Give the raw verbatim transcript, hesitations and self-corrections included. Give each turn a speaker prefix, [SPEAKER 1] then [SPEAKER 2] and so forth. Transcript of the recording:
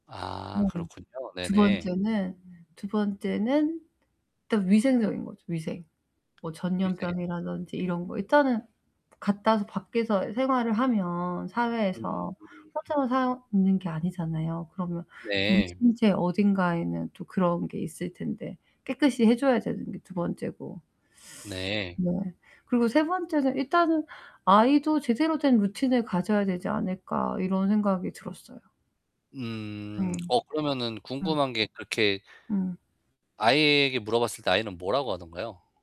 [SPEAKER 1] 아
[SPEAKER 2] 네.
[SPEAKER 1] 그렇군요.
[SPEAKER 2] 두
[SPEAKER 1] 네네.
[SPEAKER 2] 번째는, 두 번째는 일단 위생적인 거죠, 위생. 뭐
[SPEAKER 1] 위생.
[SPEAKER 2] 전염병이라든지 이런 거. 일단은 그 갖다 와서 밖에서 생활을 하면 사회에서
[SPEAKER 1] 음.
[SPEAKER 2] 혼자만 사는 게 아니잖아요. 그러면 우리
[SPEAKER 1] 네.
[SPEAKER 2] 신체 어딘가에는 또 그런 게 있을 텐데 깨끗이 해 줘야 되는 게 두 번째고.
[SPEAKER 1] 네.
[SPEAKER 2] 뭐, 그리고 세 번째는 일단은 아이도 제대로 된 루틴을 가져야 되지 않을까 이런 생각이 들었어요.
[SPEAKER 1] 음.
[SPEAKER 2] 음.
[SPEAKER 1] 어 그러면은
[SPEAKER 2] 음.
[SPEAKER 1] 궁금한 게 그렇게
[SPEAKER 2] 음.
[SPEAKER 1] 아이에게 물어봤을 때 아이는 뭐라고 하던가요?